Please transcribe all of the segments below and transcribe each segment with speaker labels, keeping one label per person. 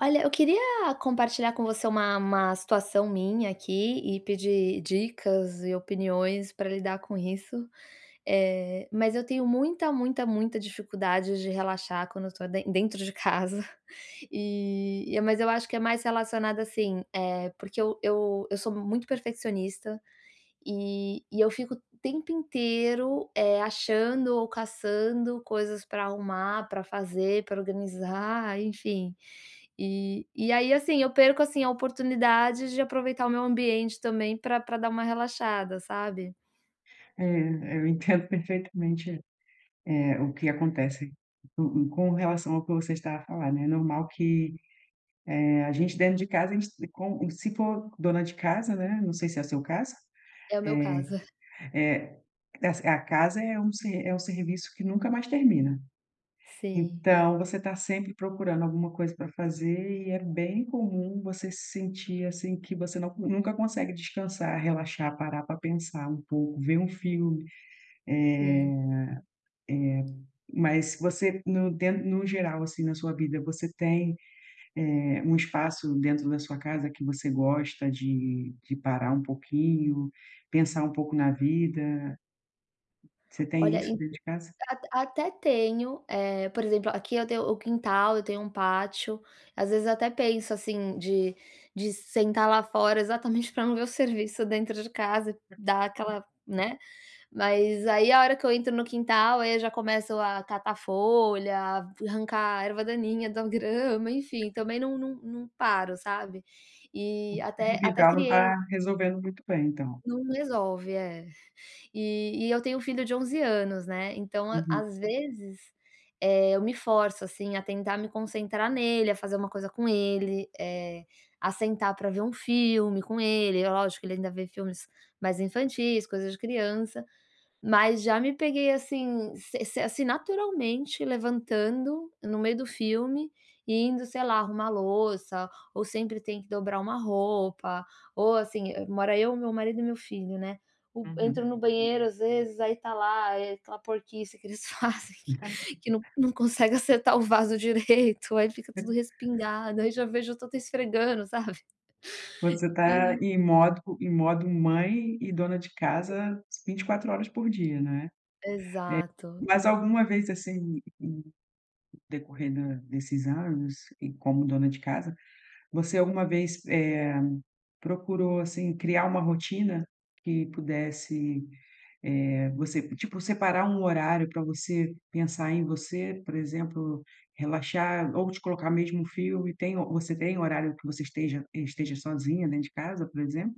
Speaker 1: Olha, eu queria compartilhar com você uma uma situação minha aqui e pedir dicas e opiniões para lidar com isso, eh, mas eu tenho muita, muita, muita dificuldade de relaxar quando eu estou den dentro de casa. E e mas eu acho que é mais relacionado, assim, eh, porque eu eu eu sou muito perfeccionista e e eu fico o tempo inteiro, eh, achando ou caçando coisas para arrumar, para fazer, para organizar, enfim, e e aí, assim, eu perco, assim, a oportunidade de aproveitar o meu ambiente também para para dar uma relaxada, sabe?
Speaker 2: É, eu entendo perfeitamente, eh, o que
Speaker 1: É
Speaker 2: acontece com com relação ao que você está a falar, né. É normal que, eh, a gente dentro de casa, a gente com se for dona de casa, né, não sei se é seu caso,
Speaker 1: É o meu
Speaker 2: eh
Speaker 1: caso.
Speaker 2: eh, essa a casa é um se é um serviço que nunca mais termina.
Speaker 1: Sim.
Speaker 2: Então você está sempre procurando alguma coisa para fazer e é bem comum você se sentir, assim, que você não nunca consegue descansar, relaxar, parar para pensar um pouco, ver um filme, eh eh,
Speaker 1: Sim.
Speaker 2: mas você no den no geral, assim, na sua vida, você tem, eh, um espaço dentro da sua casa que você gosta de de parar um pouquinho, pensar um pouco na vida? Você tem
Speaker 1: Olha,
Speaker 2: isso
Speaker 1: e
Speaker 2: dentro de casa?
Speaker 1: at até tenho eh, por exemplo, aqui eu tenho o quintal, eu tenho um pátio. Às vezes, eu até penso, assim, de de sentar lá fora, exatamente, para não ver o serviço dentro de casa, dar
Speaker 2: [unintelligible]
Speaker 1: aquela né. Mas aí a hora que eu entro no quintal, aí eu já começo a catar folha, arrancar a erva daninha da grama, enfim,
Speaker 2: Aham.
Speaker 1: também não não não paro, sabe. E
Speaker 2: O [unintelligible]
Speaker 1: até até
Speaker 2: quintal não
Speaker 1: criei
Speaker 2: está resolvendo muito bem então.
Speaker 1: Não resolve, é. E e eu tenho um filho de 11 anos, né, então a
Speaker 2: Uhum.
Speaker 1: às vezes, eh, eu me forço, assim, a tentar me concentrar nele, a fazer uma coisa com ele, eh, a sentar para ver um filme com ele, é lógico, que ele ainda vê filmes mais infantis, coisas de criança, mas já me peguei, assim, se se assim, naturalmente levantando no meio do filme e indo, sei lá, arrumar louça ou sempre tem que dobrar uma roupa, ou assim, mora eu, meu marido e meu filho, né. O
Speaker 2: Uhum.
Speaker 1: entro no banheiro, às vezes, aí está lá, eh, aquela porquice que eles fazem que que não não consegue acertar o vaso direito, aí fica tudo respingado, aí já vejo, eu já tô esfregando, sabe,
Speaker 2: Você está
Speaker 1: e
Speaker 2: em modo em modo mãe e dona de casa 24 horas por dia, né. É,
Speaker 1: Exato.
Speaker 2: mas alguma vez, assim, em decorrer da desses anos e como dona de casa, você alguma vez, eh, procurou, assim, criar uma rotina que pudesse eh, você tipo, separar um horário para você pensar em você, por exemplo, relaxar ou te colocar mesmo um filme, tem você tem horário que você esteja esteja sozinha dentro de casa, por exemplo?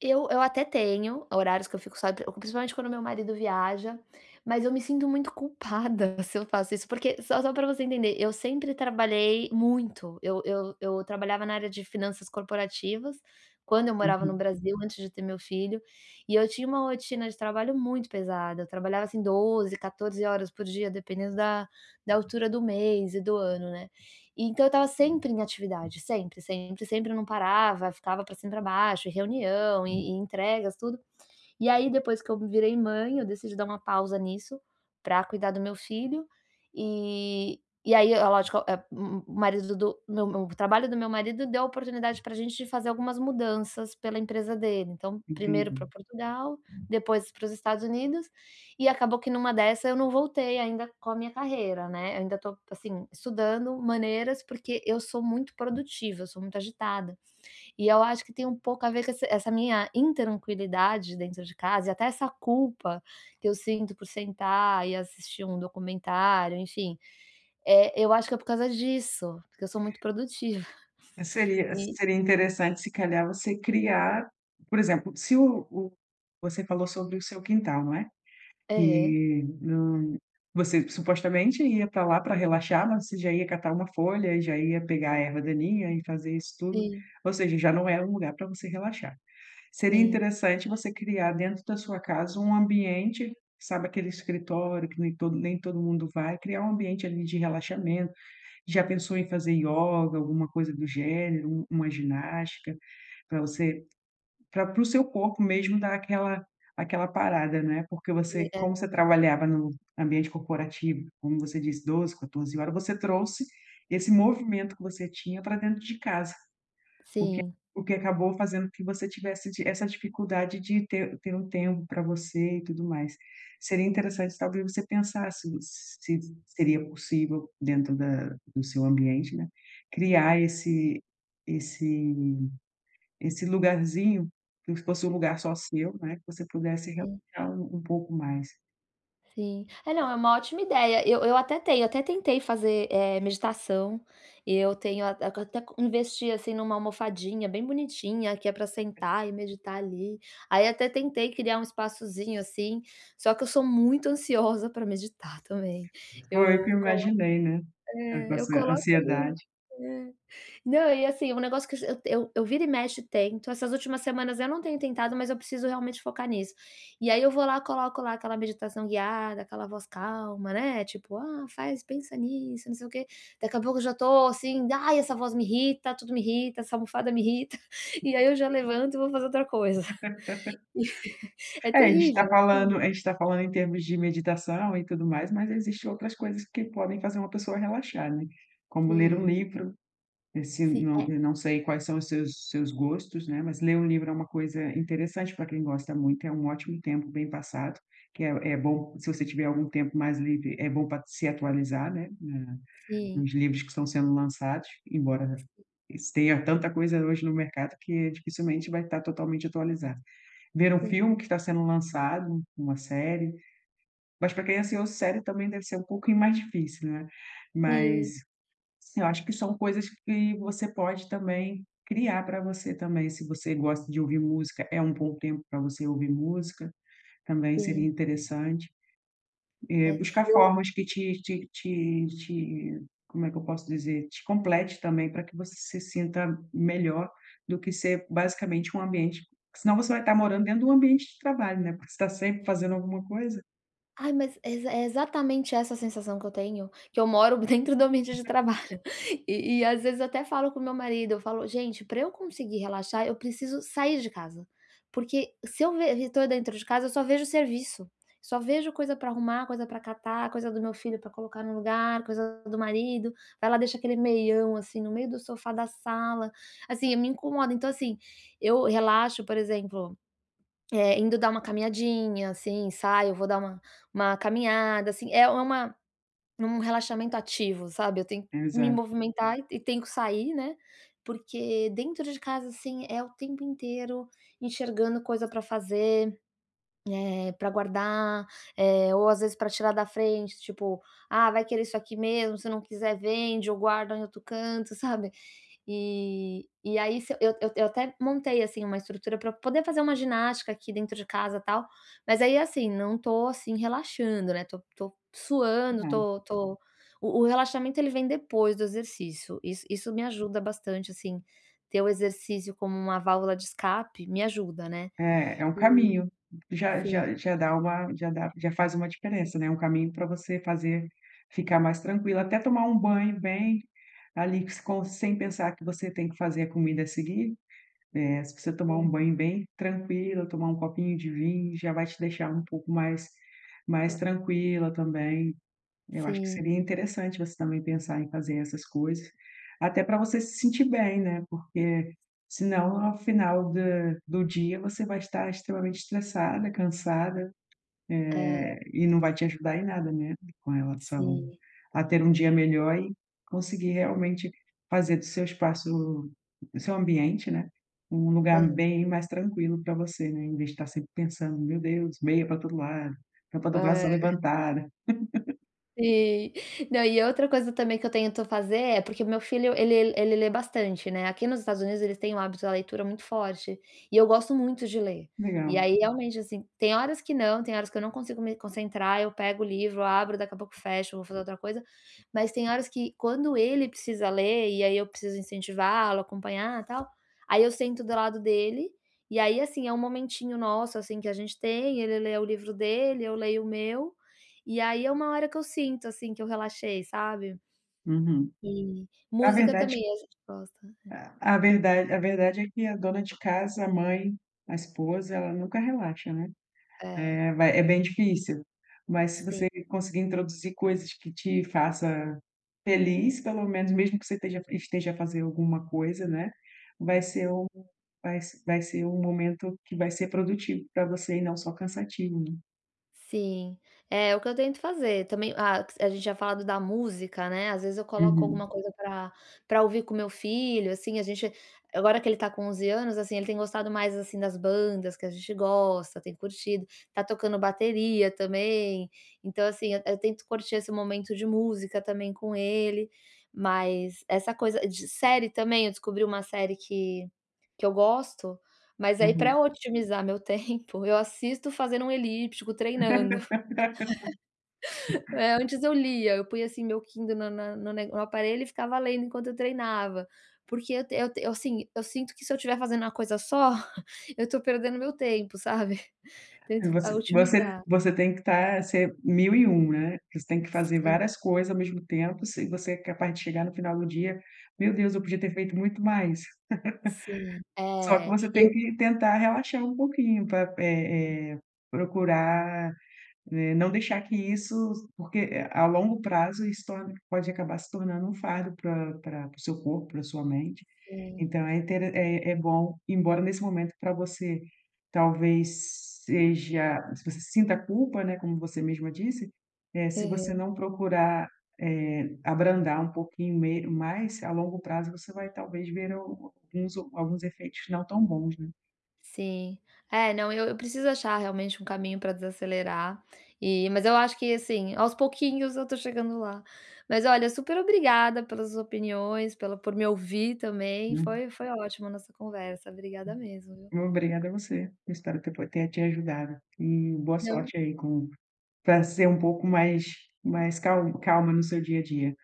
Speaker 1: Eu eu até tenho horários que eu fico só, pr principalmente quando meu marido viaja, mas eu me sinto muito culpada se eu faço isso, porque só só pra você entender, eu sempre trabalhei muito, eu eu eu trabalhava na área de finanças corporativas quando eu morava no
Speaker 2: Uhum.
Speaker 1: Brasil, antes de ter meu filho e eu tinha uma rotina de trabalho muito pesada, eu trabalhava assim 12, 14 horas por dia, dependendo da da altura do mês e do ano, né. Então eu estava sempre em atividade, sempre, sempre, sempre, não parava, ficava pra cima e pra baixo, e reunião, e entregas, tudo, e aí depois que eu virei mãe, eu decidi dar uma pausa nisso pra cuidar do meu filho. E e aí, é lógico, eh, o o marido do meu meu o trabalho do meu marido deu a oportunidade pra gente fazer algumas mudanças pela empresa dele, então 1º
Speaker 2: Entendi.
Speaker 1: pra Portugal, depois para os Estados Unidos e acabou que numa dessa eu não voltei ainda com a minha carreira, né, eu ainda tô, assim, estudando maneiras, porque eu sou muito produtiva, eu sou muito agitada e eu acho que tem um pouco a ver com esse essa minha intranquilidade dentro de casa e até essa culpa que eu sinto por sentar e assistir um documentário, enfim, eh, eu acho que é por causa disso, porque eu sou muito produtiva
Speaker 2: Seria
Speaker 1: e
Speaker 2: seria interessante se calhar você criar por exemplo, se o o você falou sobre o seu quintal, não é,
Speaker 1: Aham.
Speaker 2: que não você supostamente ia pra lá pra relaxar, mas você já ia catar uma folha e já ia pegar a erva daninha e fazer isso tudo,
Speaker 1: Sim.
Speaker 2: ou seja, já não é um lugar pra você relaxar. Seria
Speaker 1: Sim.
Speaker 2: interessante você criar dentro da sua casa um ambiente, sabe, aquele escritório que nem todo nem todo mundo vai, criar um ambiente ali de relaxamento. Já pensou em fazer ioga, alguma coisa do gênero, u uma ginástica pra você para para o seu corpo mesmo dar aquela aquela parada? Né, porque
Speaker 1: E
Speaker 2: você
Speaker 1: é.
Speaker 2: como você trabalhava no ambiente corporativo, como você disse, 12, 14 horas, você trouxe esse movimento que você tinha pra dentro de casa, o que
Speaker 1: Sim.
Speaker 2: o que acabou fazendo com que você tivesse di essa dificuldade de ter ter um tempo pra você e tudo mais. Seria interessante, talvez, você pensar se se seria possível dentro da do seu ambiente, né, criar esse esse esse lugarzinho que fosse um lugar só seu, né, que você pudesse
Speaker 1: Sim.
Speaker 2: relaxar um um pouco mais.
Speaker 1: Sim. É. Não, é uma ótima ideia. Eu eu até tenho até tentei fazer, eh, meditação. Eu tenho a co até co até investi, assim, numa almofadinha bem bonitinha, que é pra sentar e meditar ali. Aí até tentei criar um espaçozinho, assim, só que eu sou muito ansiosa pra meditar também.
Speaker 2: Foi o que
Speaker 1: Eu
Speaker 2: eu
Speaker 1: colo
Speaker 2: imaginei, né, eh, com a
Speaker 1: é, eu
Speaker 2: sua
Speaker 1: coloco ali
Speaker 2: ansiedade.
Speaker 1: é. Não, e assim, é um negócio que eu es eu eu vira e mexe, eu tento. Essas últimas semanas eu não tenho tentado, mas eu preciso realmente focar nisso. E aí eu vou lá, coloco lá aquela meditação guiada, aquela voz calma, né, tipo: "Ah, faz pensa nisso, não sei o quê". Daqui a pouco eu já tô assim: "Ai, essa voz me irrita, tudo me irrita, essa almofada me irrita". E aí eu já levanto e vou fazer outra coisa. É
Speaker 2: É, a gente tá
Speaker 1: terrível, é
Speaker 2: falando
Speaker 1: terrível.
Speaker 2: a gente tá falando em termos de meditação e tudo mais, mas existe outras coisas que podem fazer uma pessoa relaxar, né, como ler um
Speaker 1: Sim.
Speaker 2: livro. Esse
Speaker 1: Sim,
Speaker 2: não
Speaker 1: é.
Speaker 2: eu não sei quais são os seus seus gostos, né, mas ler um livro é uma coisa interessante pra quem gosta muito, é um ótimo tempo bem passado, que é é bom se você tiver algum tempo mais livre, é bom pra se atualizar, né, na
Speaker 1: Sim.
Speaker 2: nos livros que estão sendo lançados, embora tenha tanta coisa hoje no mercado que dificilmente vai tá totalmente atualizado. Ver um
Speaker 1: Sim.
Speaker 2: filme que está sendo lançado, uma série, mas pra quem é ansioso, série também deve ser um pouquinho mais difícil, né. Mas
Speaker 1: Sim.
Speaker 2: eu acho que são coisas que você pode também criar pra você também, se você gosta de ouvir música, é um bom tempo pra você ouvir música, também seria
Speaker 1: Sim.
Speaker 2: interessante. Eh,
Speaker 1: É,
Speaker 2: buscar
Speaker 1: eu
Speaker 2: formas que te te te te como é que eu posso dizer, te complete também pra que você se sinta melhor do que ser basicamente um ambiente senão você vai tá morando dentro do ambiente de trabalho, né, porque você tá sempre fazendo alguma coisa.
Speaker 1: Ai, mas exa exatamente essa a sensação que eu tenho, que eu moro dentro do ambiente de
Speaker 2: [unintelligible]
Speaker 1: trabalho, e e às vezes eu até falo com meu marido, eu falo: "Gente, pra eu conseguir relaxar, eu preciso sair de casa", porque se eu ve estou dentro de casa, eu só vejo serviço, só vejo coisa pra arrumar, coisa pra catar, coisa do meu filho pra colocar no lugar, coisa do marido. Vai lá, deixa aquele meião assim no meio do sofá da sala. Assim, me incomoda. Então assim, eu relaxo, por exemplo, eh, indo dar uma caminhadinha, assim, saio, vou dar uma uma caminhada, assim, é uma um relaxamento ativo, sabe, eu tenho que me
Speaker 2: Exato.
Speaker 1: movimentar e e tenho que sair, né, porque dentro de casa, assim, é o tempo inteiro enxergando coisa para fazer, eh, para guardar, eh, ou às vezes para tirar da frente, tipo: "Ah, vai querer isso aqui mesmo, se não quiser, vende ou guarda em outro canto", sabe, e e aí se eu eu eu até montei assim uma estrutura para poder fazer uma ginástica aqui dentro de casa, tal, mas aí assim, não estou assim relaxando, né, estou estou
Speaker 2: Que
Speaker 1: suando,
Speaker 2: bom.
Speaker 1: estou estou, o o relaxamento ele vem depois do exercício, is isso me ajuda bastante, assim, ter o exercício como uma válvula de escape me ajuda, né,
Speaker 2: É, é um
Speaker 1: e,
Speaker 2: caminho. Já
Speaker 1: sim.
Speaker 2: já já dá uma, já dá já faz uma diferença, né, um caminho para você fazer ficar mais tranquila, até tomar um banho bem ali, com sem pensar que você tem que fazer a comida a seguir, eh, se você tomar um
Speaker 1: Sim.
Speaker 2: banho bem tranquila, tomar um copinho de vinho, já vai te deixar um pouco mais, mais
Speaker 1: [unintelligible]
Speaker 2: tranquila também. Eu acho que
Speaker 1: Sim.
Speaker 2: seria interessante você também pensar em fazer essas coisas, até pra você se sentir bem, né, porque senão ao final da do dia você vai estar extremamente estressada, cansada,
Speaker 1: É.
Speaker 2: eh, e não vai te ajudar em nada, né, com relação
Speaker 1: Sim.
Speaker 2: a ter um dia melhor e conseguir realmente fazer do seu espaço, do seu ambiente, né, um lugar
Speaker 1: É.
Speaker 2: bem mais tranquilo pra você, né, invés de estar sempre pensando: "Meu Deus, meia para todo lado, roupa para ser
Speaker 1: É.
Speaker 2: levantada".
Speaker 1: Sim, não, e outra coisa também que eu tento fazer é, porque meu filho ele ele lê bastante, né, aqui nos Estados Unidos eles têm o hábito da leitura muito forte, e eu gosto muito de ler, e
Speaker 2: Legal.
Speaker 1: aí realmente, assim, tem horas que não, tem horas que eu não consigo me concentrar, eu pego o livro, abro, daqui a pouco fecho, vou fazer outra coisa, mas tem horas que quando ele precisa ler e aí eu preciso incentivá-lo, acompanhar, tal, aí eu sento do lado dele, e aí assim, é um momentinho nosso assim que a gente tem, ele lê o livro dele, eu leio o meu, e aí é uma hora que eu sinto assim que eu relaxei, sabe.
Speaker 2: Uhum.
Speaker 1: E,
Speaker 2: Na
Speaker 1: música
Speaker 2: verdade
Speaker 1: também a gente gosta, é.
Speaker 2: a, a verda a verdade é que a dona de casa, a mãe, a esposa, ela nunca relaxa, né,
Speaker 1: É.
Speaker 2: eh, vai é bem difícil, mas se
Speaker 1: Sim.
Speaker 2: você conseguir introduzir coisas que te faça feliz, pelo menos mesmo que você esteja esteja a fazer alguma coisa, né, vai ser o vai se vai ser um momento que vai ser produtivo pra você e não só cansativo, né.
Speaker 1: Sim, é, o que eu tento fazer, também, ah, a gente tinha falado da música, né, às vezes eu coloco
Speaker 2: Uhum.
Speaker 1: alguma coisa pra pra ouvir com meu filho, assim, a gente agora que ele tá com 11 anos, assim, ele tem gostado mais assim das bandas que a gente gosta, tem curtido, está tocando bateria também, então assim, eu tento curtir esse momento de música também com ele, mas essa coisa de série também, eu descobri uma série que, que eu gosto, mas aí
Speaker 2: Uhum.
Speaker 1: para otimizar meu tempo, eu assisto fazendo um elíptico, treinando. É, antes eu lia, eu punha assim meu Kindle na na na nego no aparelho e ficava lendo enquanto eu treinava, porque eu te eu assim, eu sinto que se eu tiver fazendo uma coisa só, eu estou perdendo meu tempo, sabe,
Speaker 2: É,
Speaker 1: tento, eh,
Speaker 2: você você
Speaker 1: otimizar.
Speaker 2: você tem que estar, ser mil e um né, você tem que fazer
Speaker 1: Sim.
Speaker 2: várias coisas ao mesmo tempo, se você é capaz de chegar no final do dia: "Meu Deus, eu podia ter feito muito mais".
Speaker 1: Sim,
Speaker 2: Só que
Speaker 1: é,
Speaker 2: você
Speaker 1: e
Speaker 2: tem
Speaker 1: eu
Speaker 2: que tentar relaxar um pouquinho para, é é, procurar, eh, não deixar que isso porque, eh, a longo prazo isso torna pode acabar se tornando um fardo para para para o seu corpo, para sua mente,
Speaker 1: Sim.
Speaker 2: então é intere é é bom, embora nesse momento para você talvez seja se você sinta culpa, né, como você mesma disse, eh, se você
Speaker 1: Uhum.
Speaker 2: não procurar, eh, abrandar um pouquinho me mais, a longo prazo você vai talvez ver al alguns alguns efeitos não tão bons, né.
Speaker 1: Sim. É, não, eu eu preciso achar realmente um caminho pra desacelerar e mas eu acho que assim, aos pouquinhos eu estou chegando lá, mas olha, superobrigada pelas opiniões, pela, por me ouvir também.
Speaker 2: Hum.
Speaker 1: Foi foi ótimo nossa conversa. Obrigada mesmo, viu.
Speaker 2: Obrigada você. Espero ter po ter te ajudado e boa
Speaker 1: Não.
Speaker 2: sorte aí com, para ser um pouco mais mais cal calma no seu dia a dia.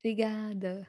Speaker 1: Obrigada.